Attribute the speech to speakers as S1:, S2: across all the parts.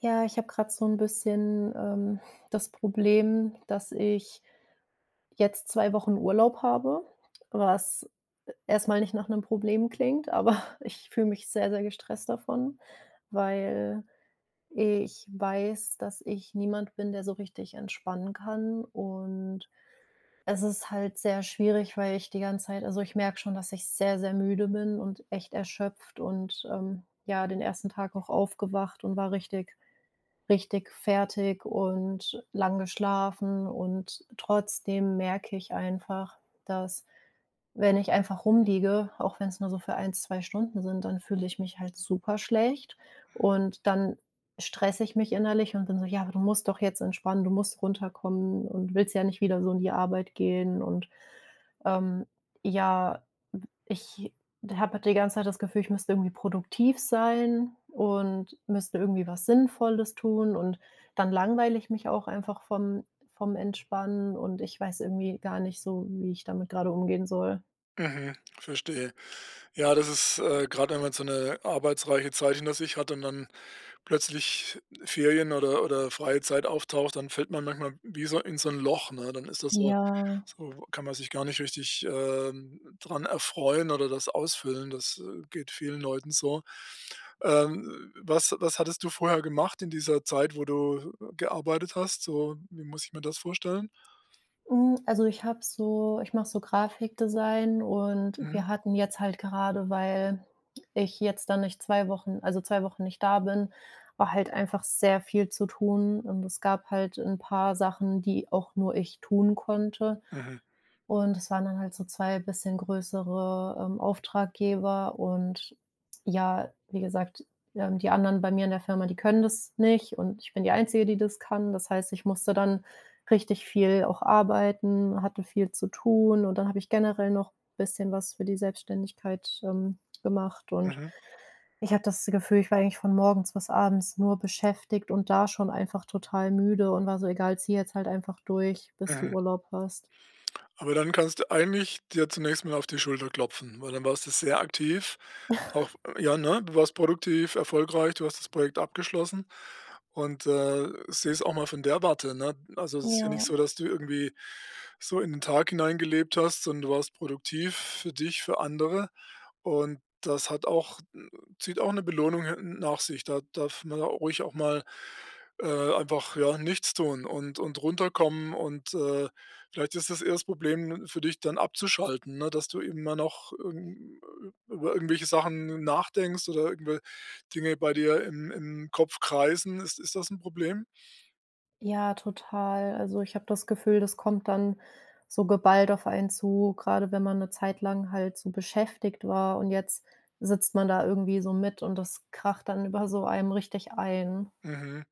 S1: Ja, ich habe grad so ‘n bisschen, ähm, das Problem, dass ich jetzt 2 Wochen Urlaub habe, was erstmal nicht nach 'nem Problem klingt, aber ich fühle mich sehr, sehr gestresst davon, weil ich weiß, dass ich niemand bin, der so richtig entspannen kann und es ist halt sehr schwierig, weil ich die ganze Zeit also ich merke schon, dass ich sehr sehr müde bin und echt erschöpft und, ähm ja, den 1. Tag auch aufgewacht und war richtig, richtig fertig und lang geschlafen und trotzdem merke ich einfach, dass wenn ich einfach rumliege, auch wenn es nur so für 1, 2 Stunden sind, dann fühle ich mich halt super schlecht. Und, dann stresse ich mich innerlich und bin so: „Ja, aber du musst doch jetzt entspannen, du musst runterkommen und willst ja nicht wieder so in die Arbeit gehen“ und, ähm, ja, w ich habe halt die ganze Zeit das Gefühl, ich müsste irgendwie produktiv sein und müsste irgendwie was Sinnvolles tun und dann langweile ich mich auch einfach vom vom Entspannen und ich weiß irgendwie gar nicht so, wie ich damit gerade umgehen soll.
S2: Mhm, verstehe. Ja, das ist, äh, grad wenn man so 'ne arbeitsreiche Zeit hinter sich hat und dann plötzlich Ferien oder oder freie Zeit auftaucht, dann fällt man manchmal wie so in so 'n Loch, ne? Dann ist das so
S1: Ja.
S2: so kann man sich gar nicht richtig, ähm, dran erfreuen oder das ausfüllen. Das, äh, geht vielen Leuten so. Ähm, was was hattest du vorher gemacht in dieser Zeit, wo du gearbeitet hast? So, wie muss ich mir das vorstellen?
S1: Hm, also ich habe so ich mache so Grafikdesign und
S2: Mhm.
S1: wir hatten jetzt halt gerade, weil ich jetzt da nicht 2 Wochen also 2 Wochen nicht da bin, war halt einfach sehr viel zu tun und es gab halt 'n paar Sachen, die auch nur ich tun konnte.
S2: Mhm.
S1: Und das waren dann halt so 2 bisschen größere, ähm, Auftraggeber und ja, wie gesagt, ja, und die anderen bei mir in der Firma, die können das nicht und ich bin die Einzige, die das kann. Das heißt, ich musste dann richtig viel auch arbeiten, hatte viel zu tun und dann habe ich generell noch bisschen was für die Selbstständigkeit, ähm, gemacht und
S2: Mhm.
S1: ich hatte das Gefühl, ich war eigentlich von morgens bis abends nur beschäftigt und da schon einfach total müde und war so: „Egal, zieh jetzt halt einfach durch, bis du
S2: Mhm.
S1: Urlaub hast.“
S2: Aber dann kannst du eigentlich dir zunächst mal auf die Schulter klopfen, weil dann warst du sehr aktiv auch, ja, ne? Du warst produktiv, erfolgreich, du hast das Projekt abgeschlossen und, äh, seh es auch mal von der Warte, ne? Also, es ist ja nicht
S1: Ja.
S2: so, dass du irgendwie so in den Tag hineingelebt hast, sondern du warst produktiv für dich, für andere und das hat auch zieht auch 'ne Belohnung [unintelligible] nach sich. Da darf man ruhig auch mal, äh, einfach, ja, nichts tun und und runterkommen. Und, äh, vielleicht ist das eher das Problem für dich, dann abzuschalten, ne, dass du immer noch, hm, über irgendwelche Sachen nachdenkst oder irgendwe Dinge bei dir im im Kopf kreisen. Ist ist das 'n Problem?
S1: Ja, total. Also, ich habe das Gefühl, das kommt dann so geballt auf einen zu, grade wenn man 'ne Zeit lang halt so beschäftigt war. Und jetzt sitzt man da irgendwie so mit und das kracht dann über so einem richtig ein.
S2: Mhm.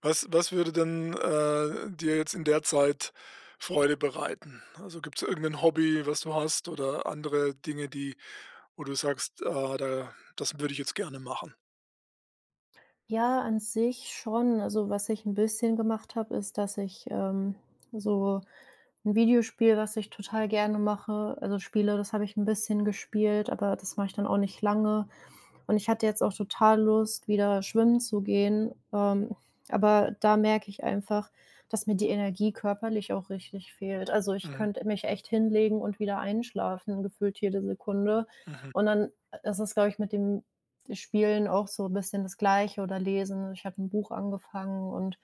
S2: Was was würde denn, äh, dir jetzt in der Zeit Freude bereiten? Also, gibt's da irgend'nen Hobby, was du hast, oder andere Dinge, die wo du sagst: „Ah, da das würde ich jetzt gerne machen.“
S1: Ja, an sich schon. Also, was ich 'n bisschen gemacht habe, ist, dass ich, ähm, so 'n Videospiel, was ich total gerne mache, also, spiele. Das habe ich 'n bisschen gespielt, aber das mache ich dann auch nicht lange. Und ich hatte jetzt auch total Lust, wieder schwimmen zu gehen, ähm, aber da merke ich einfach, dass mir die Energie körperlich auch richtig fehlt. Also, ich
S2: Mhm.
S1: könnte mich echt hinlegen und wieder einschlafen, gefühlt jede Sekunde.
S2: Mhm.
S1: Und dann i ist es, glaube ich, mit dem Spielen auch so bisschen das Gleiche oder lesen. Ich habe 'n Buch angefangen und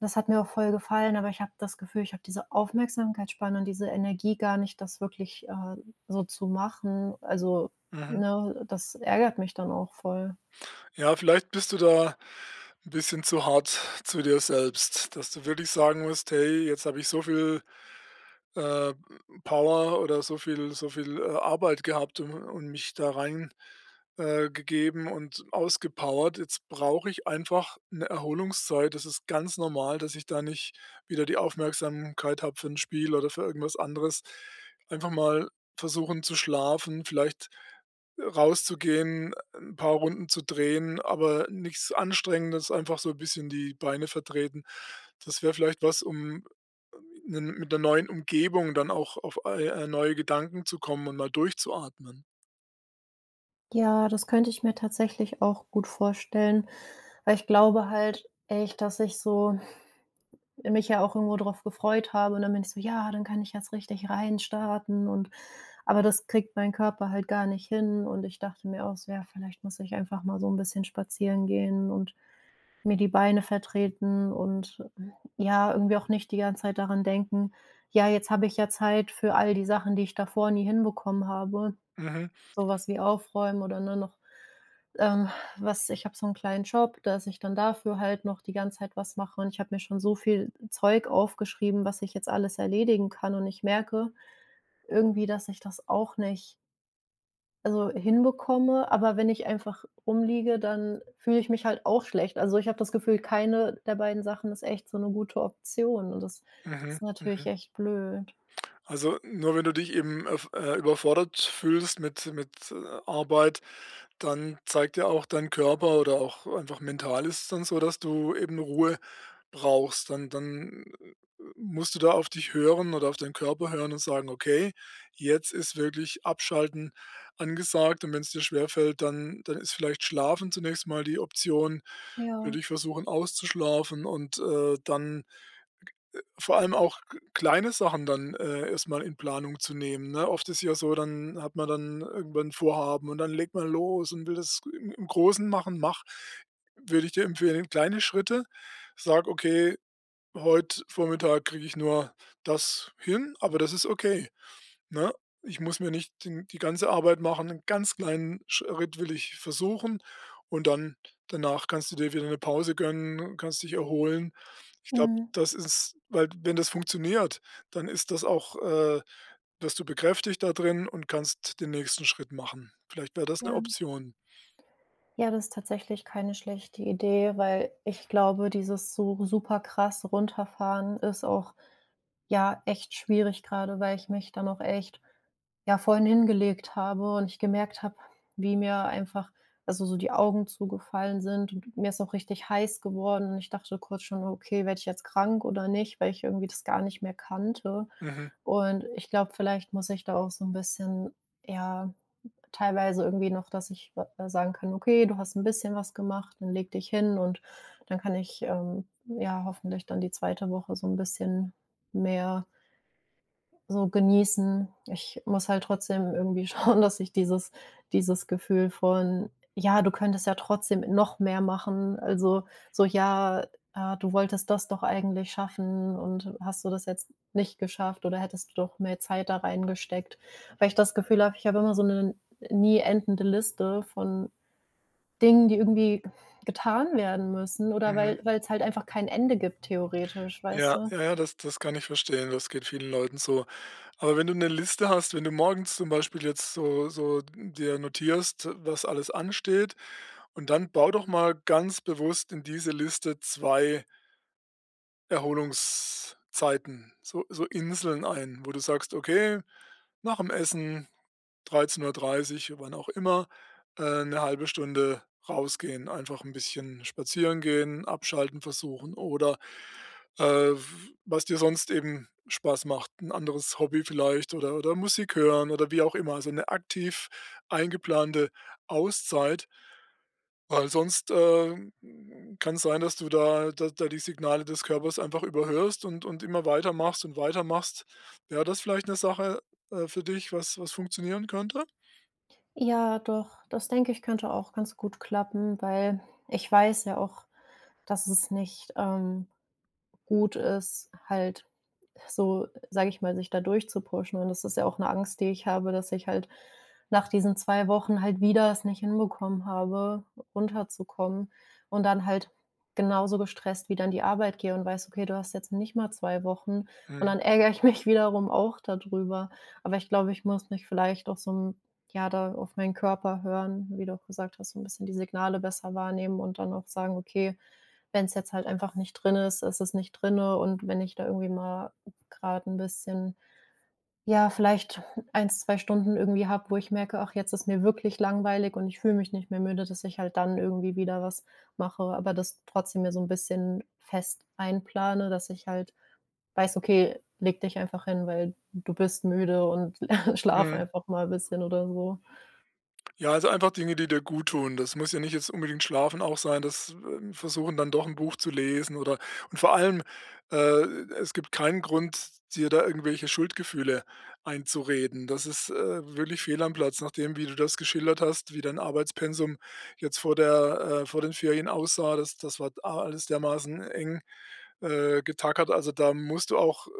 S1: das hat mir auch voll gefallen, aber ich habe das Gefühl, ich habe diese Aufmerksamkeitsspanne und diese Energie gar nicht, das wirklich, äh, so zu machen. Also,
S2: Mhm.
S1: ne, das ärgert mich dann auch voll.
S2: Ja, vielleicht bist du da 'n bisschen zu hart zu dir selbst, dass du wirklich sagen musst: „Hey, jetzt habe ich so viel, äh, Power oder so viel so viel, äh, Arbeit gehabt u und mich da rein äh, gegeben und ausgepowert. Jetzt brauche ich einfach 'ne Erholungszeit. Das ist ganz normal, dass ich da nicht wieder die Aufmerksamkeit habe für 'n Spiel oder für irgendwas anderes.” Einfach mal versuchen, zu schlafen, vielleicht rauszugehen, 'n paar Runden zu drehen, aber nix Anstrengendes, einfach so bisschen die Beine vertreten. Das wäre vielleicht was, um 'nen mit 'ner neuen Umgebung dann auch auf, äh, äh, neue Gedanken zu kommen und mal durchzuatmen.
S1: Ja, das könnte ich mir tatsächlich auch gut vorstellen. Weil ich glaube halt echt, dass ich so mich ja auch irgendwo drauf gefreut habe, und dann bin ich so: „Ja, dann kann ich jetzt richtig reinstarten.“ Und aber das kriegt mein Körper halt gar nicht hin und ich dachte mir auch so, ja, vielleicht muss ich einfach mal so 'n bisschen spazieren gehen und mir die Beine vertreten und, äh, ja, irgendwie auch nicht die ganze Zeit daran denken: „Ja, jetzt habe ich ja Zeit für all die Sachen, die ich davor nie hinbekommen habe.“
S2: Mhm.
S1: Sowas wie aufräumen oder nur noch, ähm, was ich habe so 'n kleinen Job, dass ich dann dafür halt noch die ganze Zeit was mache und ich habe mir schon so viel Zeug aufgeschrieben, was ich jetzt alles erledigen kann und ich merke irgendwie, dass ich das auch nicht also hinbekomme. Aber wenn ich einfach rumliege, dann fühle ich mich halt auch schlecht. Also, ich habe das Gefühl, keine der beiden Sachen ist echt so 'ne gute Option, und das
S2: Mhm,
S1: ist natürlich
S2: mhm.
S1: echt blöd.
S2: Also nur, wenn du dich eben, äh, f überfordert fühlst mit mit, äh, Arbeit, dann zeigt ja auch dein Körper oder auch einfach mental ist es dann so, dass du eben Ruhe brauchst. Dann dann, äh, musst du da auf dich hören oder auf deinen Körper hören und sagen: „Okay, jetzt ist wirklich Abschalten angesagt.“ Und wenn's dir schwerfällt, dann dann ist vielleicht Schlafen zunächst mal die Option. Würde
S1: Ja.
S2: ich versuchen, auszuschlafen und, äh, dann vor allem auch g kleine Sachen dann, äh, erstmal in Planung zu nehmen, ne? Oft ist es ja so, dann hat man dann irgendwann 'n Vorhaben und dann legt man los und will das im im Großen machen. Mach, würde ich dir empfehlen, kleine Schritte, sage: „Okay, heute Vormittag kriege ich nur das hin.”, aber das ist okay, ne? „Ich muss mir nicht den die ganze Arbeit machen, 'n ganz kleinen Schritt will ich versuchen.” Und dann danach kannst du dir wieder 'ne Pause gönnen und kannst dich erholen. Ich glaube,
S1: Mhm.
S2: das ist weil, wenn das funktioniert, dann ist das auch äh, wirst du bekräftigt da drin und kannst den nächsten Schritt machen. Vielleicht wäre das 'ne
S1: Ja.
S2: Option.
S1: Ja, das ist tatsächlich keine schlechte Idee, weil ich glaube, dieses so super krass Runterfahren ist auch, ja, echt schwierig, grade, weil ich mich dann auch echt, ja, vorhin hingelegt habe und ich gemerkt habe, wie mir einfach, also so die Augen zugefallen sind und mir ist auch richtig heiß geworden und ich dachte kurz schon: „Okay, werde ich jetzt krank oder nicht?“, weil ich irgendwie das gar nicht mehr kannte.
S2: Mhm.
S1: Und ich glaube, vielleicht muss ich da auch so 'n bisschen, ja, teilweise irgendwie noch, dass ich wa äh, sagen kann: „Okay, du hast 'n bisschen was gemacht, dann leg dich hin.” Und dann kann ich, ähm, ja, hoffentlich dann die 2. Woche so 'n bisschen mehr so genießen. Ich muss halt trotzdem irgendwie schauen, dass ich dieses dieses Gefühl von „Ja, du könntest ja trotzdem noch mehr machen.“ habe. Also so ja, äh, „Du wolltest das doch eigentlich schaffen und hast du das jetzt nicht geschafft oder hättest du doch mehr Zeit da reingesteckt.” Weil ich das Gefühl habe, ich habe immer so 'ne nie endende Liste von Dingen, die irgendwie getan werden müssen, oder weil
S2: Mhm.
S1: weil es halt einfach kein Ende gibt theoretisch, weißt
S2: Ja,
S1: du?
S2: ja, ja, das das kann ich verstehen, das geht vielen Leuten so. Aber wenn du 'ne Liste hast, wenn du morgens zum Beispiel jetzt so so dir notierst, was alles ansteht, und dann bau doch mal ganz bewusst in diese Liste 2 Erholungszeiten, so so Inseln ein, wo du sagst: „Okay, nach dem Essen 13:30”, wann auch immer, äh, „1/2 Stunde rausgehen.” Einfach 'n bisschen spazieren gehen, abschalten versuchen oder, äh, w was dir sonst eben Spaß macht, 'n anderes Hobby vielleicht oder oder Musik hören oder wie auch immer, also 'ne aktiv eingeplante Auszeit. Weil sonst, äh, kann es sein, dass du da da da die Signale des Körpers einfach überhörst und und immer weitermachst und weitermachst. Wäre das vielleicht 'ne Sache, äh, für dich, was was funktionieren könnte?
S1: Ja, doch, das denke ich, könnte auch ganz gut klappen, weil ich weiß ja auch, dass es nicht, ähm, gut ist, halt so, sage ich mal, sich da durchzupushen. Und das ist ja auch 'ne Angst, die ich habe, dass ich halt nach diesen 2 Wochen halt wieder es nicht hinbekommen habe, runterzukommen, und dann halt genauso gestresst wieder an die Arbeit gehe und weiß: „Okay, du hast jetzt nicht mal 2 Wochen.” Und
S2: Mhm.
S1: dann ärgere ich mich wiederum auch da drüber. Aber ich glaube, ich muss mich vielleicht auch so 'n ja, da auf meinen Körper hören, wie du auch gesagt hast, so 'n bisschen die Signale besser wahrnehmen und dann auch sagen: „Okay, wenn es jetzt halt einfach nicht drin ist, ist es nicht drinne.” Und wenn ich da irgendwie mal grade 'n bisschen, ja, vielleicht 1, 2 Stunden irgendwie habe, wo ich merke: „Ach, jetzt ist mir wirklich langweilig und ich fühle mich nicht mehr müde.“, dass ich halt dann irgendwie wieder was mache, aber das trotzdem mir so 'n bisschen fest einplane, dass ich halt weiß: „Okay, lege dich einfach hin, weil du bist müde und schlaf
S2: Mhm.
S1: einfach mal bisschen.” oder so.
S2: Ja, also, einfach Dinge, die dir gut tun. Das muss ja nicht jetzt unbedingt Schlafen auch sein, das äh, versuchen dann doch 'n Buch zu lesen oder und vor allem, äh, e es gibt keinen Grund, dir da irgendwelche Schuldgefühle einzureden. Das ist, äh, wirklich fehl am Platz, nachdem, wie du das geschildert hast, wie dein Arbeitspensum jetzt vor der äh, vor den Ferien aussah. Das das war a alles dermaßen eng, äh, getackert. Also, da musst du auch äh,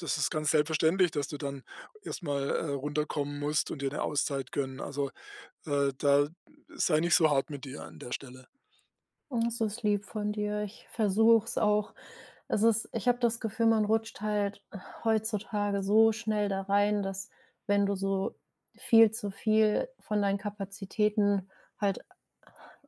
S2: das ist ganz selbstverständlich, dass du dann erstmal, äh, runterkommen musst und dir 'ne Auszeit gönnen. Also, äh, da sei nicht so hart mit dir an der Stelle.
S1: Oh, das ist lieb von dir. Ich versuch's auch. Es ist ich habe das Gefühl, man rutscht halt heutzutage so schnell da rein, dass, wenn du so viel zu viel von deinen Kapazitäten halt a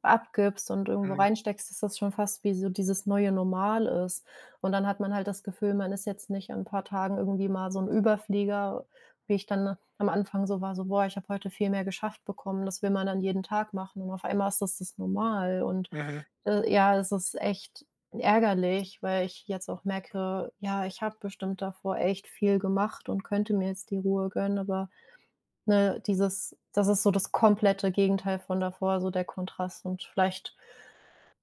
S1: abgibst und irgendwo
S2: Mhm.
S1: reinsteckst, ist das schon fast wie so dieses neue Normal ist. Und dann hat man halt das Gefühl, man ist jetzt nicht an 'n paar Tagen irgendwie mal so 'n Überflieger, wie ich dann am Anfang so war, so: "Boah, ich habe heute viel mehr geschafft bekommen." Das will man dann jeden Tag machen. Und auf einmal ist das das Normal und,
S2: Mhm.
S1: äh, ja, es ist echt ärgerlich, weil ich jetzt auch merke: „Ja, ich habe bestimmt davor echt viel gemacht und könnte mir jetzt die Ruhe gönnen.” Aber, ne, dieses das ist so das komplette Gegenteil von davor, so der Kontrast, und vielleicht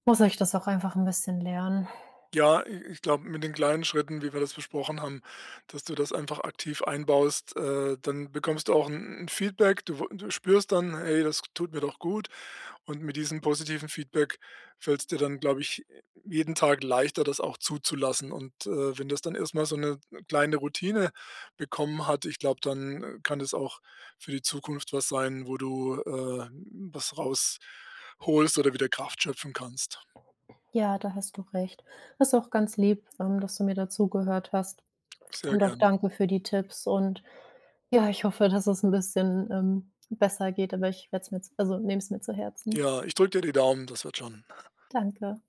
S1: muss ich das auch einfach 'n bisschen lernen.
S2: Ja, i ich glaube, mit den kleinen Schritten, wie wir das besprochen haben, dass du das einfach aktiv einbaust, äh, dann bekommst du auch 'n 'n Feedback. Du w du spürst dann: „Hey, das tut mir doch gut.” Und mit diesem positiven Feedback fällt es dir dann, glaube ich, jeden Tag leichter, das auch zuzulassen. Und, äh, wenn das dann erstmal so 'ne kleine Routine bekommen hat, ich glaube, dann kann das auch für die Zukunft was sein, wo du, äh, was rausholst oder wieder Kraft schöpfen kannst.
S1: Ja, da hast du recht. Das ist auch ganz lieb, ähm, dass du mir da zugehört hast.
S2: Sehr
S1: Und auch
S2: gern.
S1: danke für die Tipps und ja, ich hoffe, dass es 'n bisschen, ähm, besser geht, aber ich werde es mir jetzt also, ich nehme es mir zu Herzen.
S2: Ja, ich drücke dir die Daumen, das wird schon.
S1: Danke.